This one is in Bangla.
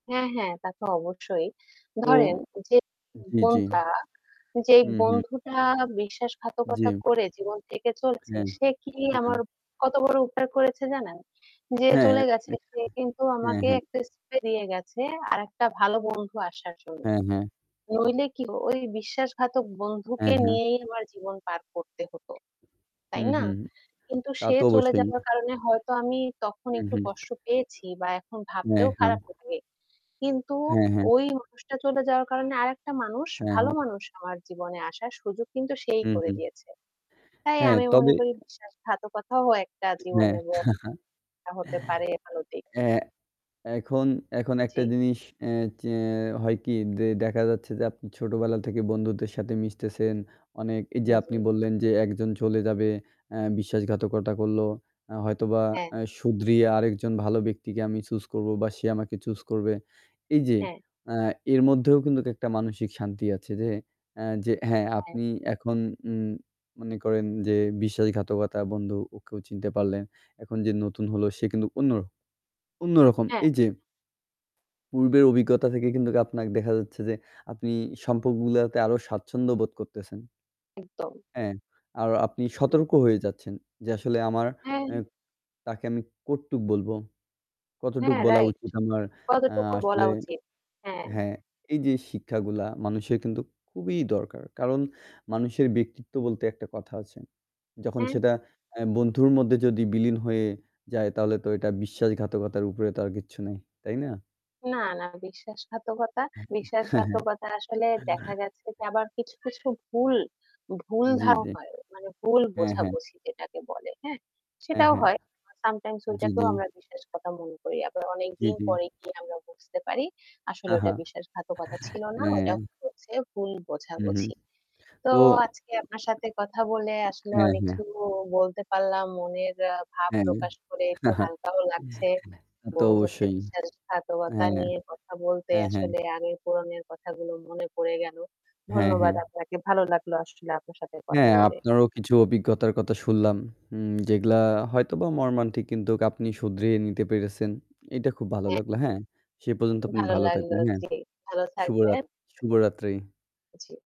হ্যাঁ, হ্যাঁ, তা তো অবশ্যই। তো ধরেন যে জ্বি, জ্বি। বন্ধুটা যেই হু, হু। বন্ধুটা বিশ্বাসঘাতকতা জী। করে জীবন থেকে চলছে হ্যাঁ, সে কি হ্যাঁ। আমার কত বড় উপকার করেছে জানেন? যে হ্যাঁ। চলে গেছে সে কিন্তু হ্যাঁ, আমাকে হ্যাঁ। একটা স্থানে নিয়ে গেছে আরেকটা ভালো বন্ধু আসার জন্য। হ্যাঁ, হ্যাঁ। নইলে কি ওই বিশ্বাসঘাতক হ্যাঁ, বন্ধুকে হ্যাঁ। নিয়েই আমার জীবন পার করতে হতো। তাই হুম, না? হুম। কিন্তু তা সে তো চলে অবশ্যই। যাওয়ার কারণে হয়তো আমি তখন হু, একটু হু। কষ্ট পেয়েছি বা এখন হ্যাঁ, ভাবতেও হ্যাঁ। খারাপ লাগে। কিন্তু হ্যাঁ, হ্যাঁ। ওই মানুষটা চলে যাওয়ার কারণে আরেকটা মানুষ হ্যাঁ, ভালো হ্যাঁ। মানুষ আমার জীবনে আসার সুযোগ কিন্তু সেই হু, করে হু। দিয়েছে। তাই হ্যাঁ, আমি তবে মনে করি বিশ্বাসঘাতকতাও একটা হ্যাঁ। জীবনে [unintelligible] হতে পারে ভালো দিক। এহ এ এখন এখন একটা জ্বী। জিনিস এ যে হয় কি? যে দেখা যাচ্ছে যে আপনি ছোটোবেলা থেকে বন্ধুদের সাথে মিশতেছেন অনেক এই যে আপনি জী। বললেন যে একজন চলে যাবে আ বিশ্বাসঘাতকতা করলো আ হয়তোবা হ্যাঁ। আ শুধরিয়ে আরেকজন ভালো ব্যক্তিকে আমি choose করবো বা সে আমাকে choose করবে। এই যে হ্যাঁ। আ এর মধ্যেও কিন্তু একটা মানসিক শান্তি আছে যে আ যে হ্যাঁ হ্যাঁ। আপনি এখন উম মনে করেন যে বিশ্বাসঘাতকতা বন্ধু ওকেও চিনতে পারলেন। এখন যে নতুন হল সে কিন্তু অন্য অন্যরকম। হ্যাঁ। এই যে পূর্বের অভিজ্ঞতা থেকে কিন্তু আপনাকে দেখা যাচ্ছে যে আপনি সম্পর্কগুলাতে আরও স্বাচ্ছন্দ্য বোধ করতেছেন। একদম। হ্যাঁ, আর আপনি সতর্ক হয়ে যাচ্ছেন যে আসলে আমার হ্যাঁ। অ্যা তাকে আমি কতটুক বলবো? কতটুকু হ্যাঁ, বলা রাইট। উচিত আমার আ কতটুকু বলা আসলে। উচিত। হ্যাঁ। হ্যাঁ এই যে শিক্ষাগুলা মানুষের কিন্তু খুবই দরকার। কারণ মানুষের ব্যক্তিত্ব বলতে একটা কথা আছে। যখন হ্যাঁ। সেটা আ বন্ধুর মধ্যে যদি বিলীন হয়ে যায় তাহলে তো এটা বিশ্বাসঘাতকতার উপরে তো আর কিচ্ছু নাই, তাই না? না, না বিশ্বাসঘাতকতা হ্যাঁ, হ্যাঁ। বিশ্বাসঘাতকতা আসলে দেখা গেছে যে আবার কিছু, কিছু ভুল জ্বী, ভুলভাল জ্বী। হয়। মানে ভুল হ্যাঁ, হ্যাঁ। বোঝাবুঝি যেটাকে বলে। হ্যাঁ? হ্যাঁ, সেটাও হ্যাঁ। হয়। বা sometimes জ্বী, ওইটাকেও জ্বী। আমরা বিশ্বাসঘাতকতা মনে করি। আবার জ্বী, অনেকদিন জ্বী। পরে গিয়ে আমরা বুঝতে পারি আসলে ওটা বিশ্বাসঘাতকতা ছিল না। ওটা হ্যাঁ। হচ্ছে ভুল হুম, হুম। বোঝাবুঝি। তো তো আজকে আপনার সাথে কথা বলে আসলে হ্যাঁ, অনেক কিছু হ্যাঁ। বলতে পারলাম। মনের আ ভাব হ্যাঁ। প্রকাশ করে একটু হালকাও লাগছে। তা তো বন্ধুত্বে অবশ্যই। বিশ্বাসঘাতকতা হ্যাঁ। নিয়ে কথা বলতে হ্যাঁ, হ্যাঁ। আসলে আগের পুরনো কথাগুলো মনে পড়ে গেল। হ্যাঁ, ধন্যবাদ হ্যাঁ। আপনাকে। ভালো লাগলো আসলে আপনার সাথে কথা হ্যাঁ, বলে। আপনারও কিছু অভিজ্ঞতার কথা শুনলাম। যেগুলো উম হয়তোবা মর্মান্তিক কিন্তু আপনি শুধরিয়ে নিতে পেরেছেন, এইটা খুব ভালো হ্যা। লাগলো। হ্যাঁ, সে পর্যন্ত আপনি ভালো ভালো লাগল। থাকবেন, হ্যাঁ। জ্বি। ভালো শুভরাত থাকবেন। শুভরাত্রি। জি।